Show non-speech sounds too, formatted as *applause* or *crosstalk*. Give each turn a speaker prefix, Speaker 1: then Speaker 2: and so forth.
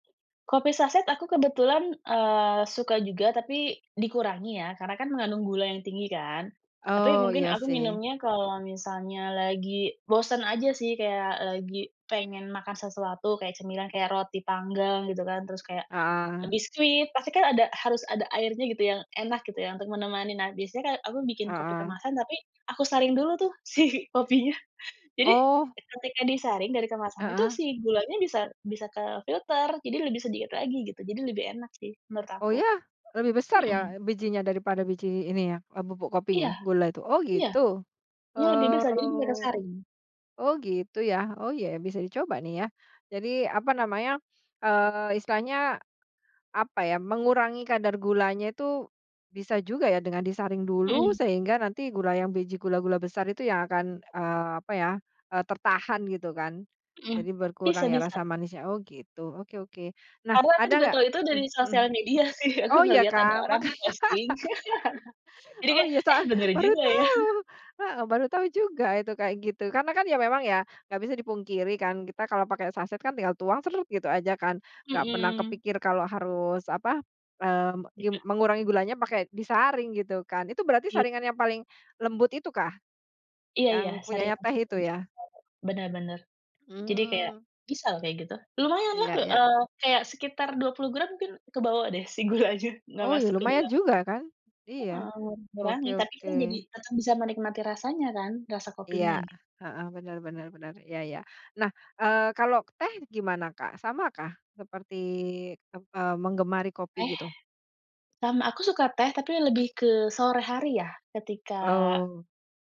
Speaker 1: Kopi saset aku kebetulan, eee, suka juga tapi dikurangi ya karena kan mengandung gula yang tinggi kan, tapi
Speaker 2: Oh
Speaker 1: mungkin
Speaker 2: iya
Speaker 1: aku
Speaker 2: sih.
Speaker 1: minumnya kalau misalnya lagi bosen aja sih, kayak lagi pengen makan sesuatu kayak cemilan kayak roti panggang gitu kan, terus kayak
Speaker 2: Heeh.
Speaker 1: biskuit, pasti kan ada harus ada airnya gitu yang enak gitu ya untuk menemani, nah biasanya kayak, aku bikin kopi
Speaker 2: Heeh.
Speaker 1: kemasan tapi aku saring dulu tuh si kopinya. Jadi
Speaker 2: Oh.
Speaker 1: ketika disaring dari kemasannya itu
Speaker 2: Heeh.
Speaker 1: si gulanya bisa bisa kefilter, jadi lebih sedikit lagi gitu jadi lebih enak sih menurut
Speaker 2: Oh
Speaker 1: aku.
Speaker 2: ya? Lebih besar
Speaker 1: Mhm.
Speaker 2: ya bijinya daripada biji ini ya, bubuk
Speaker 1: Iya
Speaker 2: kopinya gula tuh? Oh
Speaker 1: iya,
Speaker 2: gitu.
Speaker 1: iya lebih besar jadi bisa
Speaker 2: Oh,
Speaker 1: kesaring.
Speaker 2: oh gitu ya. Oh ya bisa dicoba nih ya, jadi apa namanya, eee, istilahnya apa ya, mengurangi kadar gulanya tuh bisa juga ya dengan disaring dulu
Speaker 1: Mhm.
Speaker 2: sehingga nanti gula yang biji gula-gula besar itu yang akan, eee, apa ya, eee, tertahan gitu kan,
Speaker 1: Mhm,
Speaker 2: jadi
Speaker 1: bisa
Speaker 2: berkurang ya rasa
Speaker 1: bisa.
Speaker 2: manisnya. Oh gitu, oke oke nah
Speaker 1: Padahal aku
Speaker 2: ada
Speaker 1: juga
Speaker 2: nggak
Speaker 1: tahu itu dari
Speaker 2: mmm, mhm.
Speaker 1: sosial media sih. Aku
Speaker 2: Oh ya
Speaker 1: ngelihat ada
Speaker 2: Kak
Speaker 1: orang
Speaker 2: maka
Speaker 1: posting. *chuckles*
Speaker 2: *chuckles*
Speaker 1: Jadi
Speaker 2: oh
Speaker 1: kayak,
Speaker 2: iya
Speaker 1: eh,
Speaker 2: sa
Speaker 1: bener
Speaker 2: baru
Speaker 1: juga ya.
Speaker 2: tahu!
Speaker 1: *chuckles*
Speaker 2: Heeh baru tahu juga itu kayak gitu karena kan ya memang ya, nggak bisa dipungkiri kan kita kalau pakai saset kan tinggal tuang sret, gitu aja kan nggak pernah
Speaker 1: Mhm.
Speaker 2: kepikir kalau harus apa, eee, gim
Speaker 1: *unintelligible*
Speaker 2: mengurangi gulanya pakai disaring gitu kan, itu berarti
Speaker 1: I
Speaker 2: saringan yang paling lembut itukah?
Speaker 1: Iya iya,
Speaker 2: Yang punyanya
Speaker 1: saringan.
Speaker 2: teh itu
Speaker 1: *unintelligible*
Speaker 2: ya?
Speaker 1: Benar benar. Jadi kayak
Speaker 2: Mmm.
Speaker 1: bisa loh kayak gitu. Lumayan lah,
Speaker 2: Iya
Speaker 1: he
Speaker 2: iya.
Speaker 1: eee, kayak sekitar 20 gram mungkin kebawa deh si gulanya nggak
Speaker 2: Oh ya
Speaker 1: masuk ke
Speaker 2: lumayan
Speaker 1: dalam.
Speaker 2: juga kan, iya
Speaker 1: Eee,
Speaker 2: oke
Speaker 1: berani tapi
Speaker 2: oke.
Speaker 1: kan jadi tetep bisa menikmati rasanya kan, rasa
Speaker 2: Iya
Speaker 1: kopinya gitu.
Speaker 2: heeh, benar benar benar, iya iya. Nah, eee, kalau teh gimana Kak sama kah seperti, eee, menggemari kopi
Speaker 1: Teh,
Speaker 2: gitu?
Speaker 1: sama aku suka teh tapi lebih ke sore hari ya ketika
Speaker 2: Oh.